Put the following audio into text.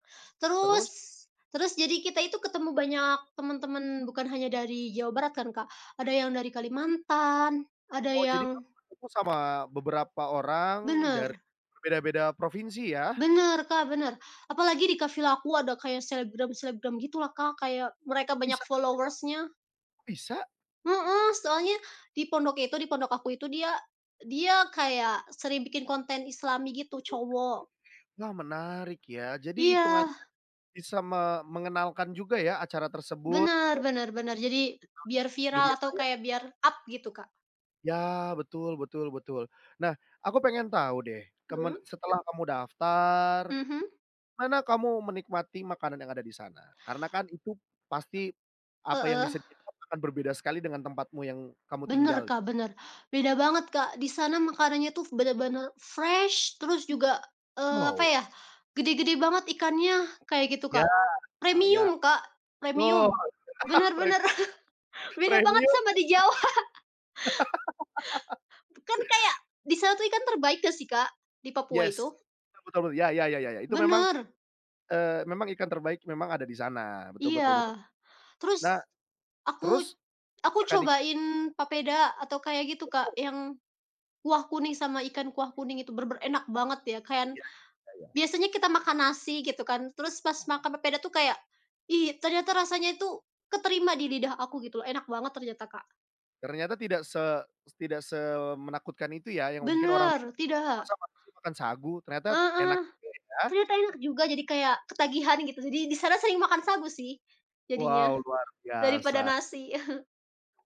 Terus, Terus? terus jadi kita itu ketemu banyak temen-temen bukan hanya dari Jawa Barat kan, Kak, ada yang dari Kalimantan, ada Oh, jadi yang kamu waktu itu sama beberapa orang dari Bener. berbeda-beda provinsi ya? Bener, Kak, bener, apalagi deket vila aku ada kayak selebgram-selebgram gitulah, Kak, kayak Oh, mereka kok banyak bisa ada? followers-nya. Bisa? Heeh, soalnya di pondok itu, di pondok aku itu dia dia kayak sering bikin konten islami gitu, Oke. cowok. Nah menarik ya, jadi hitungannya Iya. bisa me mengenalkan juga ya acara tersebut? Benar [unintelligible] benar benar, jadi [unintelligible] biar Dunia viral atau maya. kayak biar up gitu, Kak. Ya, betul betul betul. Nah, aku pengen tahu deh kemen Mhm. setelah kamu daftar, Mhm. mana kamu menikmati makanan yang ada di sana? Karena kan itu pasti apa yang Heeh. disediakan akan berbeda sekali dengan tempatmu yang kamu Bener, tinggal. Kak, bener. Beda banget, Kak. Di sana makanannya tuh bener-bener fresh terus juga, eee, apa Wow. ya, gede-gede banget ikannya kayak gitu, Ya, Kak. ya ya Premium, Kak, betul. premium. Bener pre bener beda banget premium sama ya, di Kak. Jawa. Tuh kan kayak di sana tuh ikan terbaik nggak sih, Kak? Di Papua Yes, itu. betul betul, ya ya ya ya ya. Itu memang, Bener. eee, memang ikan terbaik memang ada di sana. Betul betul betul. Iya, Nah, terus aku terus aku makan i cobain papeda atau kayak gitu, Wow. Kak, yang kuah kuning sama ikan kuah kuning itu bener-bener enak banget ya kan. Ya, ya ya. Biasanya kita makan nasi gitu kan terus pas makan papeda tuh kayak, "Ih, ternyata rasanya itu keterima di lidah aku," gitu, enak banget ternyata, Kak. Ternyata tidak se tidak semenakutkan itu ya, yang mungkin orang Bener, bilang, tidak. "Masa masih makan sagu," ternyata enak Heeh, juga ya. ternyata enak juga jadi kayak ketagihan gitu. Jadi di sana sering makan sagu sih jadinya Wow, luar daripada biasa. nasi.